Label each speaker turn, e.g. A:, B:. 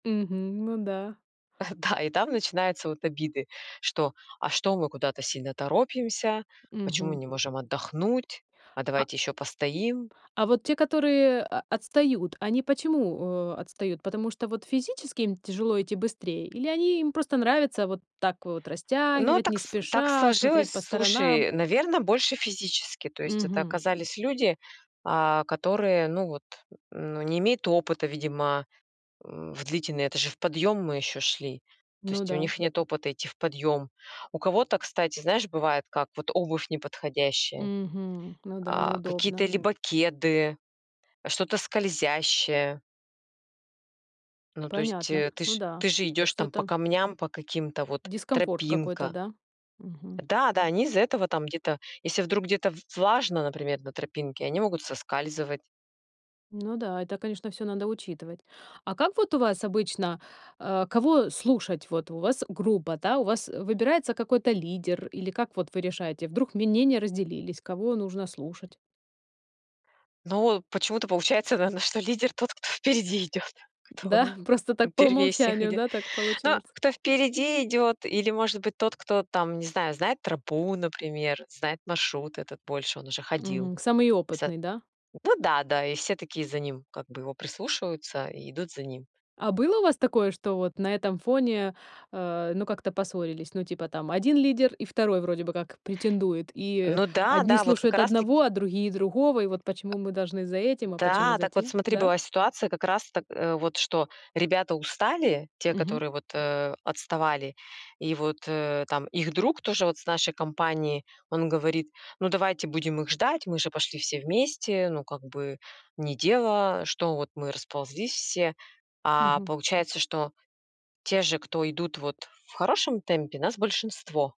A: Мгм, ну да.
B: Да, и там начинаются вот обиды, что: "А что мы куда-то сильно торопимся? Почему
A: Мгм.
B: не можем отдохнуть? А
A: А
B: давайте ещё постоим".
A: А вот те, которые о отстают, они почему, э, отстают? Потому что вот физически им тяжело идти быстрее? Или они им просто нравится вот так вот
B: Но
A: растягивать не
B: так с так
A: спеша, смотреть
B: сложилось,
A: по сторонам?
B: слушай, наверно, больше физически. То есть это
A: Мгм.
B: оказались люди, а, которые, ну вот, ну, не имеют опыта, видимо, м, в длительный это же в подъём мы ещё шли, то
A: Ну
B: есть у
A: да.
B: них нет опыта идти в подъём. У кого-то, кстати, знаешь, бывает как: вот обувь неподходящая,
A: Мгм. Ну да,
B: а, какие-то
A: неудобно.
B: либо кеды, что-то скользящее. Ну, то есть,
A: Понятно,
B: э, ты
A: ну
B: ж
A: да,
B: ты же идешь там по
A: что-то
B: камням, по каким-то вот,
A: Дискомфорт какой-то,
B: тропинка.
A: да? Мгм.
B: Да-да, они из-за этого там где-то, если вдруг где-то в влажно, например, на тропинке, они могут соскальзывать.
A: Ну да, это, конечно, всё надо учитывать. А как вот у вас обычно, э, кого слушать? Вот у вас группа, да? У вас, э, выбирается какой-то лидер? Или как вот вы решаете? Вдруг мнения разделились, кого нужно слушать?
B: Но почему-то получается, наверно, что лидер тот, кто впереди идёт, кто
A: Да, просто так по
B: первее всех
A: умолчанию,
B: идёт.
A: да, так
B: Но
A: получается?
B: кто впереди идёт или, может быть, тот, кто там, не знаю, знает тропу, например, знает маршрут этот больше, он уже ходил.
A: Мгм. Самый
B: Вса
A: опытный, да?
B: ну да-да, и все такие за ним, как бы, его прислушиваются и идут за ним.
A: А было у вас такое, что вот на этом фоне, э, ну как-то поссорились? Ну, типа, там 1 лидер, и 2 вроде бы как претендует, и
B: Ну
A: одни
B: да-да, вот как
A: слушают
B: раз
A: одного,
B: таки
A: а другие- другого, и вот: "Почему мы должны за этим, а почему
B: Да,
A: за
B: так вот
A: тем?"
B: смотри,
A: Да?
B: была ситуация как раз так, э, вот что ребята устали, те,
A: Мгм.
B: которые, вот, э, отставали, и вот, э, там их друг тоже вот с нашей компании, он говорит: "Ну, давайте будем их ждать, мы же пошли все вместе, ну как бы не дело, что вот мы расползлись все". А
A: Мгм.
B: получается, что те же, кто идут вот в хорошем темпе, нас большинство.